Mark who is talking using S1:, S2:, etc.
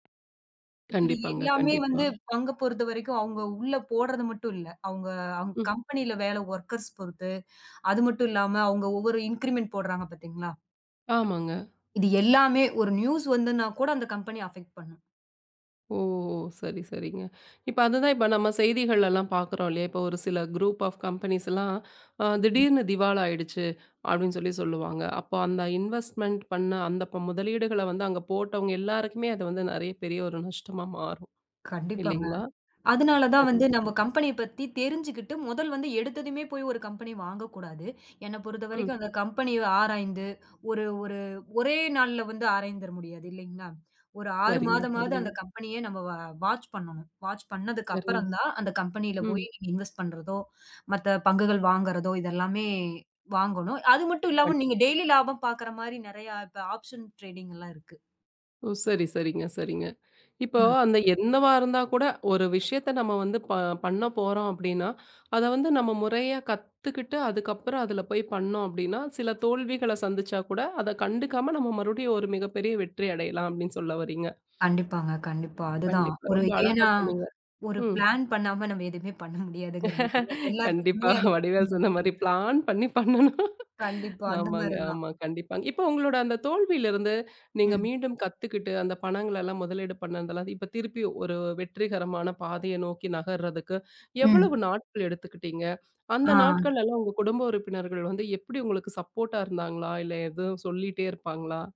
S1: இது
S2: கண்டிப்பாங்க,
S1: எல்லாமே வந்து
S2: கண்டிப்பா.
S1: பங்கு பொறுத்தவரைக்கும் அவங்க உள்ள போடுறது மட்டு இல்ல. அவங்க அவங்
S2: ம்.
S1: கம்பனில வேல வோர்க்கர்ஸ் பொறுத்து. அது மட்டு இல்லாம அவங்க ஒவ்வொரு இன்கிரிமெண்ட் போடுறாங்க பாத்தீங்களா,
S2: ஆமாங்க.
S1: இது எல்லாமே ஒரு நியூஸ் வந்துனா கூட அந்த கம்பெனி அபக்ட் பண்ணு.
S2: ஓ! சரி, சரிங்க. இப்ப அதுதான். இப்ப நாம செய்திகள்லா பாக்கிறோ இல்லையா, ஒரு சில குரூப் ஆஃப் கம்பனீஸ்லா அ திடீர்னு திவால் ஆயிடுச்சு அப்டின்னு சொல்லிச் சொல்லுவாங்க. அப்போ அந்த இன்வேஸ்ட்மெண்ட் பண்ண அந்த ப முதலீடுகள வந்து அங்க போட்டவங்க எல்லாருக்குமே அது வந்து நறைய பெரிய ஒரு நஷ்டமா மாறு.
S1: கண்டிப்பாங்க.
S2: இல்லைங்களா?
S1: அதனால தான்
S2: சரி.
S1: வந்து நம்ம
S2: ம்.
S1: கம்பெனி பத்தி தெரிஞ்சுக்கிட்டு முதல் வந்து எடுத்ததுமே போய் ஒரு கம்பனி வாங்க கூடாது. என்ன பொறுத்த
S2: ம்.
S1: வரைக்கும் அந்தக் கம்பனி ஆராய்ந்து ஒரு ஒரு ஒரே நாள்ல வந்து ஆராய்ந்தற முடியாது இல்லைங்களா. ஒரு 6
S2: சரிங்க,
S1: மாதமாவது
S2: சரிங்க.
S1: அந்தக் கம்பெனி அ நம்ம வ வாட்ச் பண்ணணும். வாட்ச் பண்ணதுக்கு
S2: சரிங்க,
S1: அப்புறம்தான் அந்தக் கம்பெனில
S2: ம்.
S1: போய் இன்வெஸ்ட் பண்றதோ, மத்த பங்குகள் வாங்குறதோ இதெல்லாமே வாங்கணு. அது மட்டு
S2: கண்
S1: இல்லாம நீங்க டெய்லி லாபம் பாக்குற மாரி நறைய இப்ப ஆப்ஷன் டரேடிங்லா இருக்கு.
S2: ஓ! சரி, சரிங்க, சரிங்க. இப்போ
S1: ம்.
S2: அந்த என்னவா இருந்தா கூட ஒரு விஷயத்த நம்ம வந்து ப பண்ணப்போறோ அப்டின்னா அத வந்து நம்ம முறையா கத்துக்கிட்டு அதுக்கப்புறம் அதுல போய் பண்ணோ. அப்டின்னா சில தோல்விகள சந்திச்சா கூட அதக் கண்டுக்காம நாம மறுபடியும் ஒரு மிகப்பெரிய வெற்றி அடையலாம் அப்டின்னு சொல்ல வர்றீங்க?
S1: கண்டிப்பாங்க, கண்டிப்பா. அதுதான்.
S2: கண்டிப்பா.
S1: ஒரு
S2: ரொம்ப அழகா
S1: ஏன்னா
S2: சொன்னீங்க.
S1: ஒரு
S2: ம்.
S1: ப்ளான் பண்ணாம நம்ம எதுயுமே பண்ண முடியாதுங்கற மாரி
S2: கண்டிப்பா.
S1: எல்லாத்துக்குமே. அது
S2: வடிவேல் சொன்ன மாரி
S1: [unintelligible]
S2: "பளான் பண்ணி பண்ணணும்".
S1: கண்டிப்பா அந்த
S2: ஆமாங்க,
S1: மாரி தான்.
S2: ஆமா. கண்டிப்பா. இப்போ உங்களோட அந்தத் தோல்வில இருந்து நீங்க
S1: ம்.
S2: மீண்டும் கத்துக்குட்டு அந்தப் பணங்களலா முதலீடு பண்ணதுலா. இப்ப திருப்பி ஒரு வெற்றிகரமான பாதைய நோக்கி நகர்றதுக்கு எவ்ளோ
S1: ம்.
S2: நாட்கள் எடுத்துக்கிட்டீங்க, அந்த
S1: ஆ.
S2: நாட்கள்லலா உங்க குடும்ப உறுப்பினர்கள் வந்து எப்டி உங்களுக்கு சப்போர்ட்டா இருந்தாங்களா, இல்ல எதுவு சொல்லிட்டே இருப்பாங்களா?